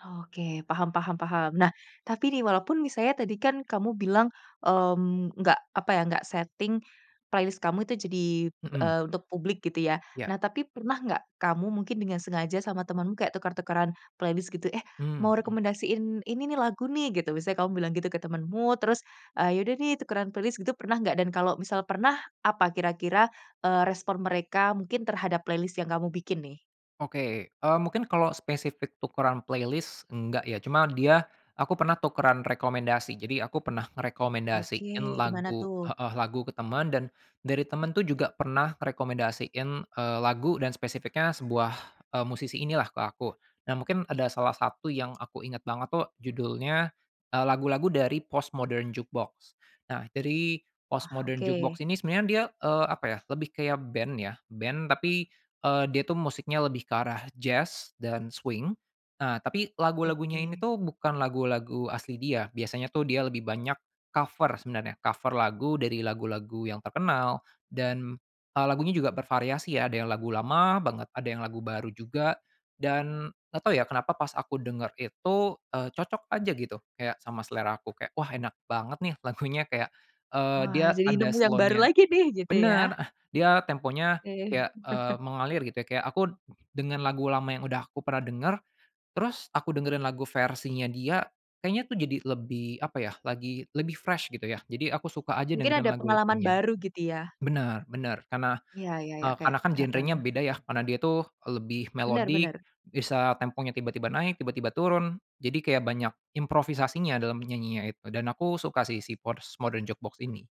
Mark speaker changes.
Speaker 1: Oke, paham paham paham. Nah, tapi nih walaupun misalnya tadi kan kamu bilang, mmm, nggak apa ya, nggak setting playlist kamu itu jadi,
Speaker 2: Mhm.
Speaker 1: eee, untuk publik gitu ya.
Speaker 2: Iya.
Speaker 1: Nah tapi pernah nggak kamu mungkin dengan sengaja sama temanmu kayak tuker-tukeran playlist gitu, "Eh,
Speaker 2: Mmm,
Speaker 1: mau
Speaker 2: mhm.
Speaker 1: rekomendasiin ini nih lagu nih," gitu. Misalnya kamu bilang gitu ke temanmu terus, "Eee, ya udah nih tukeran playlist," gitu pernah nggak? Dan kalau misal pernah, apa kira-kira, eee, respon mereka mungkin terhadap playlist yang kamu bikin nih?
Speaker 2: Oke. Eee, mungkin kalau spesifik tukeran playlist enggak ya cuma dia aku pernah tukeran rekomendasi, jadi aku pernah
Speaker 1: Oke,
Speaker 2: ngerekomendasiin
Speaker 1: gimana
Speaker 2: lagu
Speaker 1: tuh?
Speaker 2: heeh, lagu ke temen dan dari temen tuh juga pernah rekomendasiin, eee, lagu dan spesifiknya sebuah, eee, musisi inilah ke aku. Nah mungkin ada salah satu yang aku ingat banget tuh judulnya, eee, lagu-lagu dari Postmodern Jukebox. Nah jadi,
Speaker 1: Wah,
Speaker 2: Postmodern
Speaker 1: oke.
Speaker 2: Jukebox ini sebenarnya dia, eee, apa ya lebih kayak band ya, band tapi, eee, dia tuh musiknya lebih ke arah jazz dan swing. Nah tapi lagu-lagunya ini
Speaker 1: Oke.
Speaker 2: tuh bukan lagu-lagu asli dia, biasanya tuh dia lebih banyak cover sebenarnya, cover lagu dari lagu-lagu yang terkenal dan, eee, lagunya juga bervariasi ya ada yang lagu lama banget ada yang lagu baru juga dan nggak tau ya kenapa pas aku denger itu, eee, cocok aja gitu. Kayak sama selera aku kayak, "Wah, enak banget nih lagunya," kayak, eee, dia
Speaker 1: Wah, jadi
Speaker 2: ada
Speaker 1: nemu yang baru
Speaker 2: slow-nya
Speaker 1: lagi nih gitu
Speaker 2: bener,
Speaker 1: ya?
Speaker 2: eh, dia temponya
Speaker 1: Oke.
Speaker 2: kayak, eee, mengalir gitu ya kayak aku dengan lagu lama yang udah aku pernah denger, terus aku dengerin lagu versinya dia, kayaknya tuh jadi lebih apa ya lagi lebih fresh gitu ya. Jadi aku suka aja
Speaker 1: Mungkin
Speaker 2: dengerin
Speaker 1: ada pengalaman
Speaker 2: lagu-lagunya.
Speaker 1: baru gitu ya?
Speaker 2: Benar benar karena,
Speaker 1: Iya, ya ya,
Speaker 2: eee,
Speaker 1: kayak
Speaker 2: karena kan genrenya
Speaker 1: heeh.
Speaker 2: beda ya, karena dia itu, eee, lebih
Speaker 1: Benar
Speaker 2: melodic,
Speaker 1: benar.
Speaker 2: bisa temponya tiba-tiba naik tiba-tiba turun jadi kayak banyak improvisasinya dalam menyanyinya itu dan aku suka sih si Postmodern Jukebox ini.